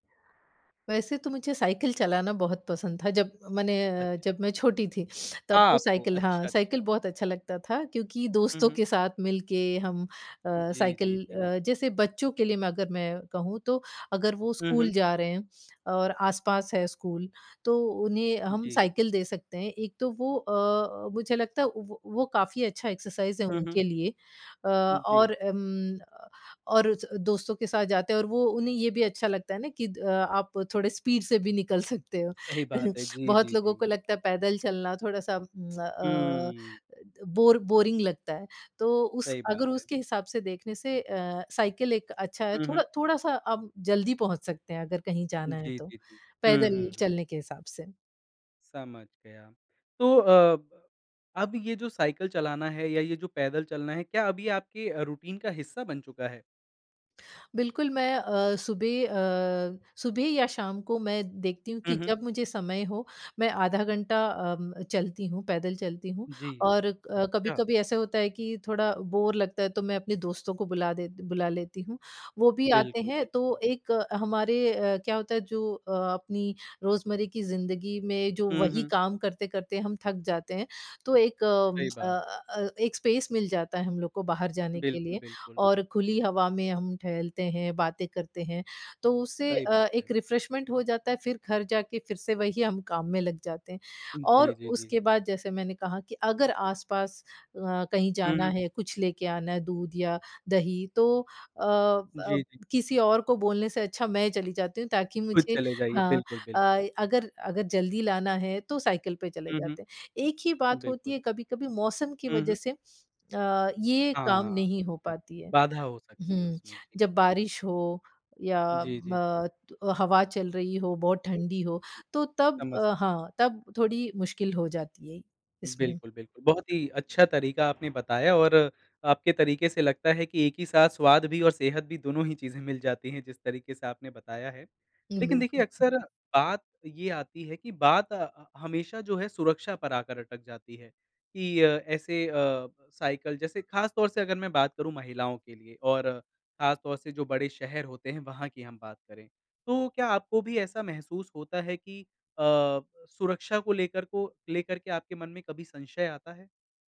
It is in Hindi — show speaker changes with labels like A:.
A: वैसे तो मुझे साइकिल चलाना बहुत पसंद था जब मैंने अ,
B: अच्छा।
A: जब मैं छोटी थी। तब तो
B: आपको
A: साइकिल हाँ,
B: अच्छा,
A: साइकिल
B: अच्छा।
A: बहुत अच्छा लगता था क्योंकि
B: हुँ,
A: दोस्तों
B: हुँ।
A: के साथ मिल के हम अ,
B: जी,
A: साइकिल
B: जी, जी।
A: अ, जैसे बच्चों के लिए मैं अगर मैं कहूँ तो अगर वो
B: हुँ, हुँ।
A: स्कूल जा रहे हैं और आस-पास है स्कूल, तो उन्हें हम
B: जी।
A: साइकिल दे सकते हैं। एक तो वो अ अ, मुझे लगता है वो वो काफ़ी अच्छा एक्सरसाइज़ है
B: हुँ, हुँ।
A: उनके लिए। अ,
B: जी।
A: और उम, अ और दोस्तों के साथ जाते हैं और वो उन्हें ये भी अच्छा लगता है ना कि अ, आप थोड़े स्पीड से भी निकल सकते हो।
B: सही बात है। जी,
A: बहुत
B: जी,
A: लोगों को
B: जी।
A: लगता है पैदल चलना, थोड़ा-सा उम, अ,
B: हुँ।
A: बोर बोरिंग लगता है। तो उस
B: सही
A: अगर
B: बात है।
A: उसके हिसाब से देखने से अ, साइकिल एक अच्छा है,
B: हुँ, हुँ।
A: थोड़ा थोड़ा-सा आप जल्दी पहुँच सकते हैं अगर कहीं जाना है
B: जी,
A: तो,
B: जी, जी। हुँ,
A: पैदल
B: हुँ, हुँ।
A: चलने के हिसाब से।
B: समझ गया। तो अ, अब ये जो साइकिल चलाना है या ये जो पैदल चलना है, क्या अभी आपके अ, रूटीन का हिस्सा बन चुका है?
A: बिल्कुल मैं अ, सुबह अ, सुबह या शाम को मैं देखती हूँ
B: हुँ,
A: कि
B: हुँ।
A: जब मुझे समय हो, मैं आधा घंटा अ, चलती हूँ, पैदल चलती हूँ
B: जी।
A: और अ,
B: अच्छा!
A: कभी-कभी ऐसा होता है कि थोड़ा बोर लगता है तो मैं अपने दोस्तों को बुला देती बुला लेती हूँ। वो भी आते
B: बिल्कुल,
A: हैं तो
B: बिल्कुल।
A: एक हमारे अ, क्या होता है जो अ, अपनी रोज़मर्रे की जिंदगी में जो
B: हुँ,
A: वही
B: हुँ।
A: काम करते-करते हम थक जाते हैं, तो एक उम,
B: सही
A: अ
B: बात है।
A: अ अ, एक स्पेस मिल जाता है हम लोग को बाहर जाने के
B: बिल्कुल,
A: लिए।
B: बिल्कुल।
A: और खुली हवा में हम टहलते हैं, बातें करते हैं तो उससे
B: सही
A: अ,
B: बात है।
A: एक रिफ्रेशमेंट हो जाता है, फिर घर जा के फिर से वही हम काम में लग जाते हैं। और
B: जी, जी, जी।
A: उसके बाद जैसे मैंने कहा कि अगर आस-पास अ, कहीं
B: हुँ,
A: जाना
B: हुँ।
A: है, कुछ लेके आना है, दूध या दही तो अ अ,
B: जी, जी।
A: किसी और को बोलने से अच्छा मैं चली जाती हूँ ताकि
B: खुद
A: मुझे
B: चले जाइए।
A: हाँ।
B: बिल्कुल, बिल्कुल।
A: अ, अगर अगर जल्दी लाना है तो साइकिल पे चले
B: हुँ,
A: जाते हैं। एक ही
B: हुँ।
A: बात होती
B: बिल्कुल।
A: है कभी-कभी मौसम की
B: हुँ,
A: वज़ह
B: हुँ।
A: से अ, ये काम
B: हाँ।
A: नहीं हो
B: बिल्कुल।
A: पाती है।
B: बाधा हो सकती है
A: हुँ,
B: उसमें। जी,
A: जब
B: जी।
A: बारिश हो या
B: जी, जी, जी।
A: म तु अ, हवा चल रही हो, बहुत ठंडी हो,
B: जी,
A: तो तब
B: समझ
A: अ,
B: सकते हैं।
A: हाँ, तब थोड़ी मुश्किल हो जाती है इसमें।
B: बिल्कुल, बिल्कुल। बहुत ही अच्छा तरीका आपने बताया और आपके तरीके से लगता है कि एक ही साथ स्वाद भी और सेहत भी दोनों ही चीज़ें मिल जाती हैं, जिस तरीके से आपने बताया है।
A: हीं
B: लेकिन देखिए
A: बिल्कुल।
B: अक्सर बात ये आती है कि बात ह हमेशा जो है सुरक्षा पर आकर अटक जाती है कि अ, ऐसे अ, साइकिल जैसे खास तौर से अगर मैं बात करूँ महिलाओं के लिए और खास तौर से जो बड़े शहर होते हैं, वहाँ की हम बात करें, तो क्या आपको भी ऐसा महसूस होता है कि अ, सुरक्षा को लेकर को लेकर के आपके मन में कभी संशय आता है?